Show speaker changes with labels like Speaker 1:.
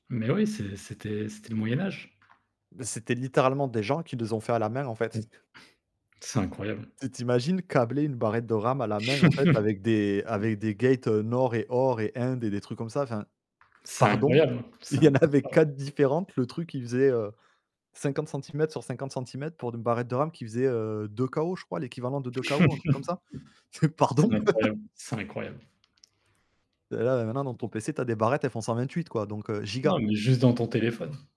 Speaker 1: Mais oui, c'est c'était c'était le moyen-âge.
Speaker 2: Beh, c'était littéralement des gens qui les ont fait à la main en fait.
Speaker 1: C'est incroyable.
Speaker 2: Tu t'imagines câbler une barrette de RAM à la main en fait avec des avec des gates, heu, nord et or et indes et des trucs comme ça. Enfin,
Speaker 1: C'est
Speaker 2: pardon,
Speaker 1: incroyable, hein, c'est
Speaker 2: il
Speaker 1: un
Speaker 2: y en avait
Speaker 1: [unintelligible]
Speaker 2: 4 différentes, le truc il faisait, heu, 50 cm sur 50 cm pour une barrette de RAM qui faisait, heu, 2 KO je crois, l'équivalent de 2 KO un truc comme ça. Ts
Speaker 1: C'est
Speaker 2: pardon?
Speaker 1: incroyable, c'est incroyable.
Speaker 2: Et là et maintenant dans ton pc tu as des barrettes elles font 128 quoi donc heu
Speaker 1: Non,
Speaker 2: giga.
Speaker 1: mais juste dans ton téléphone.